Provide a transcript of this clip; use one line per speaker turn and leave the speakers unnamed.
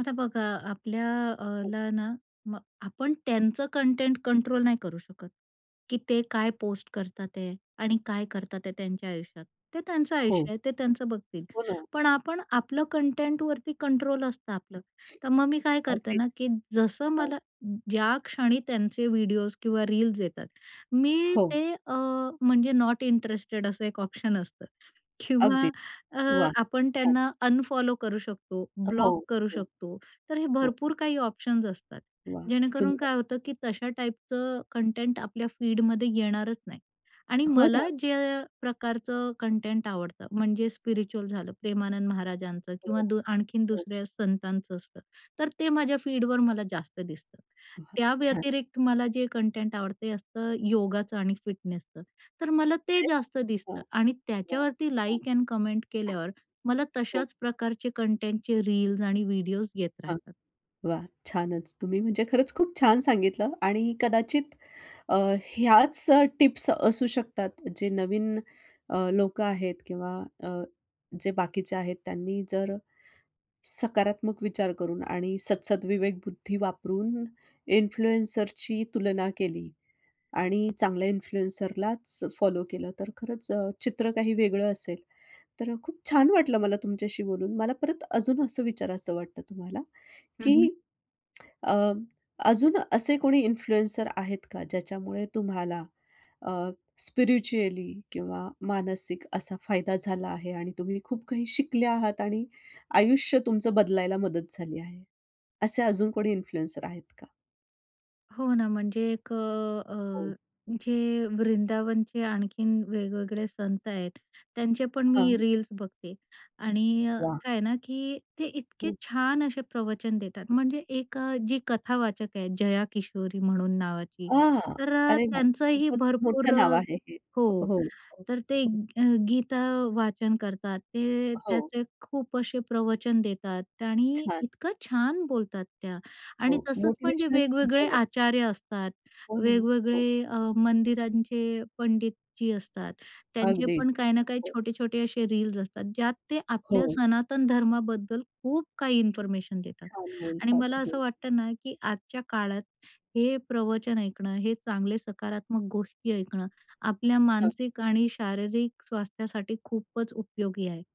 आता बघा आपल्या अ, ला, ना मग आपण त्यांचं कंटेंट कंट्रोल नाही करू शकत, की ते काय पोस्ट करतात आहे आणि काय करतात ते त्यांच्या आयुष्यात. ते त्यांचं
हो.
आयुष्य आहे, ते त्यांचं बघतील.
हो ना.
पण आपण आपलं कंटेंटवरती कंट्रोल असतं आपलं, तर मग मी काय करते ना,
अगदीच.
की जसं
हां.
मला ज्याक्षणी त्यांचे व्हिडिओज किंवा रील्स येतात, मी
हो.
ते अ, म्हणजे नॉट इंटरेस्टेड असं एक ऑप्शन असतं किंवा
अगदी.
अ,
वाह!
आपण
छान.
त्यांना अनफॉलो करू शकतो,
हो.
ब्लॉक करू
हो,
शकतो. तर हे
हो.
भरपूर काही ऑप्शन असतात.
वाह!
जेणेकरून
सुंदर.
काय होतं, की तशा टाइपचं कंटेंट आपल्या फीडमध्ये येणारच नाही. आणि
हो
मला
ना.
ज्या प्रकारचं कंटेंट आवडतं म्हणजे स्पिरिच्युअल झालं, प्रेमानंद महाराजांचं किंवा
हो,
दो आणखीन
हो.
दुसऱ्या संतांचं असतं, तर ते माझ्या फीडवर मला जास्त दिसतं.
वाह!
त्या
छान.
व्यतिरिक्त मला जे कंटेंट आवडतं ते असतं योगाचं आणि फिटनेसचं. तर मला ते
अरे वाह!
जास्त
हां,
दिसतं आणि
वाह
त्याच्यावरती
छान.
लाइक अ‍ॅन्ड कमेंट केल्यावर मला
हो.
तशाच प्रकारचे कंटेंटचे रील्स आणि व्हिडिओज येत
हां,
राहतात.
वाह! छानच तुम्ही म्हणजे खरंच खूप छान सांगितलं आणि कदाचित अ, ह्याच अ, टिप्स असू शकतात जे नवीन अ, लोकं आहेत किंवा अ, जे बाकीचे आहेत. त्यांनी जर सकारात्मक विचार करून आणि सद्सदविवेकबुद्धी वापरून इन्फ्लुएन्सरची तुलना केली आणि चांगल्या इन्फ्लुएन्सरलाच फॉलो केलं, तर खरंच अ, चित्र काही वेगळं असेल. तर खूप छान वाटलं मला तुमच्याशी बोलून. मला परत अजून असं विचारायचं वाटतं तुम्हाला,
हं, हं.
की अ, अजून असे कोणी इन्फ्लुएन्सर आहेत का ज्याच्यामुळे तुम्हाला अ, स्पिरिच्युअली किंवा मानसिक असा फायदा झाला आहे आणि तुम्ही खूप काही शिकले आहात आणि आयुष्य तुमचं बदलायला मदत झाली आहे. असे अजून कोणी इन्फ्लुएन्सर आहेत का?
हो ना, म्हणजे एक अ,
हो.
अ, जे वृंदावनचे आणखीन वेगवेगळे संत आहेत, त्यांचे पण मी
हां.
रील्स बघते. आणि अ,
वाह!
काय आहे ना, की ते इतके
हं.
छान असे प्रवचन देतात. म्हणजे एक अ, जी कथावाचक आहे जया किशोरी म्हणून नावाची.
आ!
तर अ,
अरे वाह!
त्यांचंही
खूपच
भरपूर
मोठं नाव
अ
आहे हे. हो,
हो,
हो,
तर ते
हो.
अ, गीता वाचन करतात. ते
हो.
त्याचे खूप असे प्रवचन देतात आणि
छान.
इतकं छान बोलतात त्या आणि
हो.
तसंच पण जे
मोटिव्हेशनल
वेगवेगळे
स्पीकर आहेत.
आचार्य असतात,
हो ना. हो.
वेगवेगळे अ, मंदिरांचे पंडितजी असतात, त्यांचे पण
अगदीच.
काही ना काही
हो.
छोटे-छोटे असे रील्स असतात. ज्यात ते आपल्या
हो.
सनातन धर्माबद्दल खूप काही इन्फॉर्मेशन देतात.
छान
आणि
बोलतात.
मला असं
हो.
वाटतं ना, की आजच्या काळात हे प्रवचन ऐकणं, हे चांगले सकारात्मक गोष्टी ऐकणं, आपल्या
हां.
मानसिक आणि शारीरिक स्वास्थ्यासाठी खूपच उपयोगी आहे.